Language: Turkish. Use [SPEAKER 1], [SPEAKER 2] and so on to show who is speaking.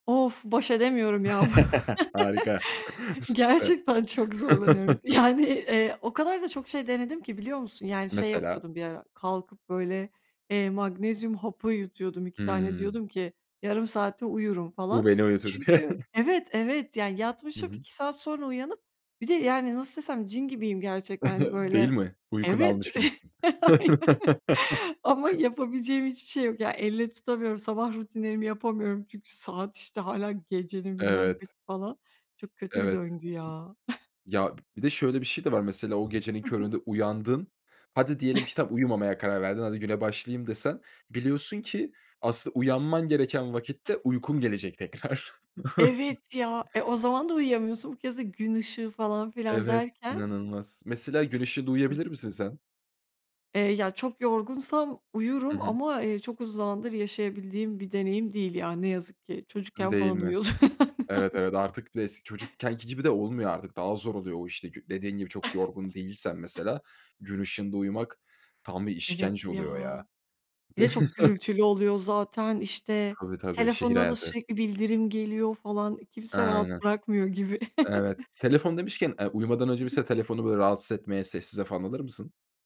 [SPEAKER 1] Of, baş edemiyorum, ya.
[SPEAKER 2] Harika. Süper.
[SPEAKER 1] Gerçekten çok zorlanıyorum. Yani, eee, o kadar da çok şey denedim ki, biliyor musun? Yani, şey
[SPEAKER 2] Mesela?
[SPEAKER 1] yapıyordum bir ara, kalkıp böyle, eee, magnezyum hapı yutuyordum, 2 tane
[SPEAKER 2] Hımm.
[SPEAKER 1] diyordum ki yarım saate uyurum
[SPEAKER 2] Bu
[SPEAKER 1] falan.
[SPEAKER 2] beni uyutur.
[SPEAKER 1] Çünkü evet, evet, yani
[SPEAKER 2] Hı
[SPEAKER 1] yatmışım,
[SPEAKER 2] hı.
[SPEAKER 1] 2 saat sonra uyanıp bir de, yani, nasıl desem, cin gibiyim gerçekten, hani,
[SPEAKER 2] Değil
[SPEAKER 1] böyle,
[SPEAKER 2] mi? Uykunu
[SPEAKER 1] evet,.
[SPEAKER 2] almış gibisin.
[SPEAKER 1] Aynen. Ama yapabileceğim hiçbir şey yok. Yani, elle tutamıyorum, sabah rutinlerimi yapamıyorum. Çünkü saat, işte, hâlâ gecenin bilmem kaçı,
[SPEAKER 2] Evet.
[SPEAKER 1] falan. Çok kötü bir
[SPEAKER 2] Evet.
[SPEAKER 1] döngü, ya.
[SPEAKER 2] Ya, b bir de şöyle bir şey de var, mesela o gecenin
[SPEAKER 1] I hı.
[SPEAKER 2] köründe uyandın. Hadi, diyelim ki, tamam, uyumamaya karar verdin. Hadi, güne başlayayım desen, biliyorsun ki, asıl uyanman gereken vakitte uykun gelecek tekrar.
[SPEAKER 1] Evet, ya. E, o zaman da uyuyamıyorsun bu kez de gün ışığı falan filan
[SPEAKER 2] Evet,
[SPEAKER 1] derken
[SPEAKER 2] inanılmaz. Mesela, gün
[SPEAKER 1] Çok
[SPEAKER 2] ışığında
[SPEAKER 1] kötü.
[SPEAKER 2] uyuyabilir misin sen?
[SPEAKER 1] Eee, ya, çok yorgunsam
[SPEAKER 2] Hı
[SPEAKER 1] uyurum
[SPEAKER 2] hı.
[SPEAKER 1] ama, eee, çok uzun zamandır yaşayabildiğim bir deneyim değil ya, ne yazık ki. Çocukken
[SPEAKER 2] Iıı, değil
[SPEAKER 1] falan
[SPEAKER 2] mi?
[SPEAKER 1] uyuyordum, aynen.
[SPEAKER 2] Evet, evet, artık bir de es çocukkenki gibi de olmuyor artık. Daha zor oluyor o, işte, kü dediğin gibi çok yorgun değilsen, mesela, gün ışığında uyumak tam bir işkence
[SPEAKER 1] Evet, ya.
[SPEAKER 2] oluyor, ya.
[SPEAKER 1] Bir de çok gürültülü oluyor zaten. İşte,
[SPEAKER 2] Tabii, tabii. Şehir
[SPEAKER 1] telefonuna da
[SPEAKER 2] hayatı.
[SPEAKER 1] sürekli bildirim geliyor falan. E, kimse rahat
[SPEAKER 2] Aynen,
[SPEAKER 1] bırakmıyor gibi.
[SPEAKER 2] evet. Telefon demişken, eee, uyumadan
[SPEAKER 1] I
[SPEAKER 2] önce
[SPEAKER 1] hı.
[SPEAKER 2] mese telefonu, böyle, rahatsız etmeye sessize falan alır mısın?